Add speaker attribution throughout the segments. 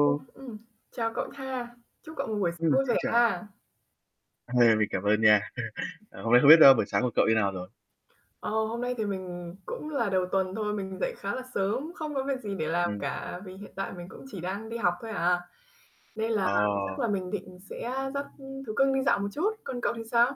Speaker 1: Cũng, ừm, chào cậu ha, chúc cậu một buổi sáng
Speaker 2: Ừm,
Speaker 1: vui vẻ
Speaker 2: xin chào.
Speaker 1: ha.
Speaker 2: Mình cảm ơn nha. À, hôm nay không biết, ơ, buổi sáng của cậu như nào rồi?
Speaker 1: Ờ, hôm nay thì mình cũng là đầu tuần thôi, mình dậy khá là sớm, không có việc gì để làm
Speaker 2: Ừm.
Speaker 1: cả vì hiện tại mình cũng chỉ đang đi học thôi à. Nên là chắc
Speaker 2: Ờ.
Speaker 1: là mình định sẽ dắt thú cưng đi dạo một chút, còn cậu thì sao?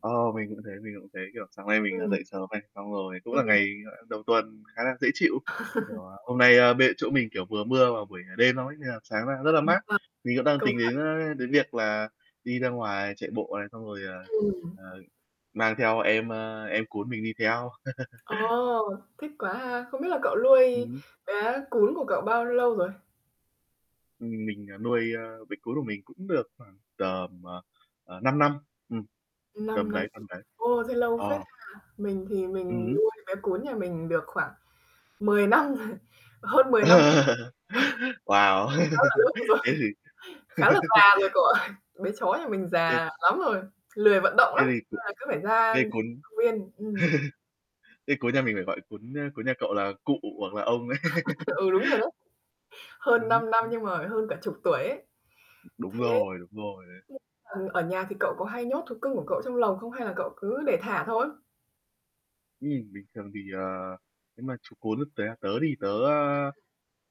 Speaker 2: Ờ, mình cũng thế, mình cũng thế, kiểu, sáng nay mình, à,
Speaker 1: Ừm.
Speaker 2: dậy sớm này, xong rồi cũng
Speaker 1: Ừm.
Speaker 2: là ngày, gọi là, đầu tuần khá là dễ chịu. Kiểu, hôm nay, ơ, bên chỗ mình, kiểu, vừa mưa vào buổi ngày đêm xong ấy nên là sáng ra rất là mát.
Speaker 1: À!
Speaker 2: Mình cũng đang
Speaker 1: Câu
Speaker 2: tính
Speaker 1: hỏi
Speaker 2: đến, ơ, đến việc là đi ra ngoài chạy bộ này xong rồi, ờ,
Speaker 1: Ừm.
Speaker 2: ờ mang theo em, a, em cún mình đi theo.
Speaker 1: Ồ. Thích quá ha. Không biết là cậu
Speaker 2: Ừm
Speaker 1: nuôi
Speaker 2: hứm.
Speaker 1: bé cún của cậu bao lâu rồi?
Speaker 2: Ưm, mình, ờ, nuôi, ơ, bé cún của mình cũng được khoảng tầm, ờ, ờ, 5 năm. Ừm,
Speaker 1: Ừm, 5
Speaker 2: tầm
Speaker 1: năm
Speaker 2: đấy,
Speaker 1: rồi.
Speaker 2: tầm đấy.
Speaker 1: Ôi, thế lâu
Speaker 2: Ờ.
Speaker 1: phết ha. Mình thì
Speaker 2: Ừm
Speaker 1: mình
Speaker 2: hửm.
Speaker 1: nuôi bé cún nhà mình được khoảng 10 năm rồi, hơn 10 năm.
Speaker 2: Wow!
Speaker 1: Khá là [unintelligible] rồi,
Speaker 2: Thế thì
Speaker 1: khá là già rồi cậu ơi. Bé chó nhà mình
Speaker 2: Thế
Speaker 1: già lắm rồi, lười vận động
Speaker 2: Thế
Speaker 1: lắm,
Speaker 2: thì
Speaker 1: nên là cứ phải ra
Speaker 2: cái cún
Speaker 1: [unintelligible] viên. Ừm.
Speaker 2: Thế cún nhà mình phải gọi cún, ơ, cún nhà cậu là cụ hoặc là ông đấy.
Speaker 1: Ừ, đúng rồi đó. Hơn
Speaker 2: Ừm hứm,
Speaker 1: 5 năm
Speaker 2: ừm.
Speaker 1: nhưng mà hơn cả chục tuổi ấy.
Speaker 2: Đúng
Speaker 1: Thế,
Speaker 2: rồi, đúng rồi đấy.
Speaker 1: [unintelligible] ừm, ở nhà thì cậu có hay nhốt thú cưng của cậu trong lồng không, hay là cậu cứ để thả thôi?
Speaker 2: Ừm, bình thường thì, ờ, nếu mà chú cún tớ tớ đi, tớ, a,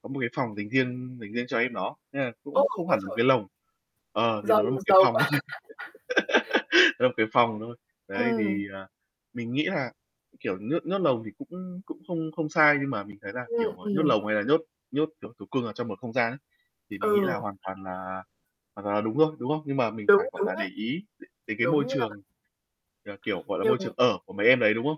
Speaker 2: có một cái phòng dành riêng dành riêng cho em nó. Nên là
Speaker 1: Ô,
Speaker 2: cũng không
Speaker 1: ôi
Speaker 2: hẳn một
Speaker 1: trời!
Speaker 2: cái lồng. Ờ, thì nó
Speaker 1: Giàu
Speaker 2: là một cái
Speaker 1: giàu
Speaker 2: phòng
Speaker 1: quá!
Speaker 2: thôi. [unintelligible] cái phòng thôi. Đấy
Speaker 1: Ừm.
Speaker 2: thì, ờ, mình nghĩ là, kiểu, nhốt nhốt lồng thì cũng cũng không không sai nhưng mà mình thấy là, kiểu,
Speaker 1: Ừm,
Speaker 2: à, nhốt
Speaker 1: ừm.
Speaker 2: lồng hay là nhốt nhốt, kiểu, thú cưng ở trong một không gian ấy, thì mình nghĩ
Speaker 1: Ừ.
Speaker 2: là hoàn toàn là hoàn toàn là đúng thôi, đúng không? Nhưng mà mình
Speaker 1: Đúng,
Speaker 2: phải, gọi
Speaker 1: đúng
Speaker 2: là, để
Speaker 1: đấy.
Speaker 2: ý đ đến cái môi
Speaker 1: Đúng nha.
Speaker 2: trường, ờ, kiểu, gọi là, môi
Speaker 1: Nhưng
Speaker 2: trường ở của mấy em đấy, đúng không?